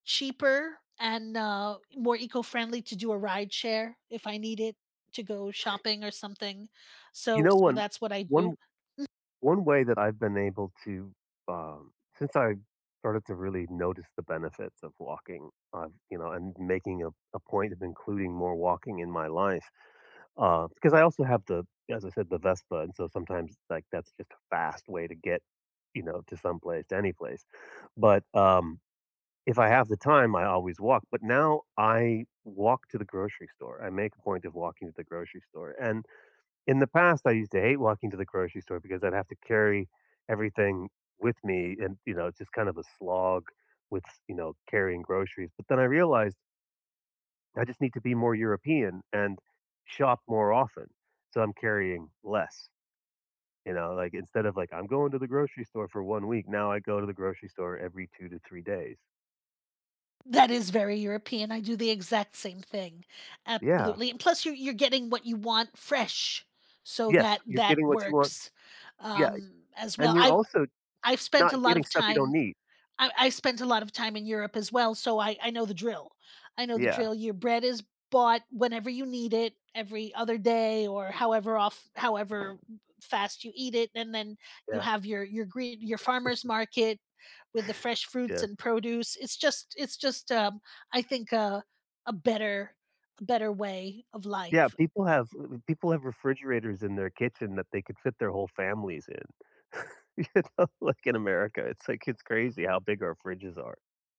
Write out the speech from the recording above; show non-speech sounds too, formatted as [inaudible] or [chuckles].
Cheaper and, uh, more eco-friendly to do a rideshare if I needed to go shopping or something, You so know, so one that's what I one do, mm one way that I've been able to, um, since I started to really notice the benefits of walking on, you know, and making a a point of including more walking in my life, uh 'cause I also have to, as I said, the Vespa, and so sometimes, like, that's just a fast way to get, you know, to someplace, to anyplace. But, um, if I have the time, I always walk, but now I walk to the grocery store, I make a point of walking to the grocery store and in the past, I used to hate walking to the grocery store because I'd have to carry everything with me and, you know, it's just kind of a slog with s you know, carrying groceries, but then I realized that I just need to be more European and shop more often, so I'm carrying less, you know, like, instead of, like, I'm going to the grocery store for 1 week, now I go to the grocery store every 2 to 3 days. That is very European, I do the exact same thing. Yeah. Absolutely, and plus you're you're getting what you want fresh, so Yes, that you're that getting what you want works, Yeah. um, as And well, you're I've also I've spent not a lot getting of stuff you don't time need. I I spent a lot of time in Europe as well, so I I know the drill. I know the Yeah. drill, your bread is bought whenever you need it, every other day or however of however m fast you eat it, and then you Yeah. have your your green your farmer's [chuckles] market with the fresh fruits Yes. and produce, it's just it's just, um, I think, uh, a better a better way of Yeah, life. people have uh uh, people have refrigerators in their kitchen that they could fit their whole families in, you know, like, in America, it's, like, it's crazy how big our fridges are.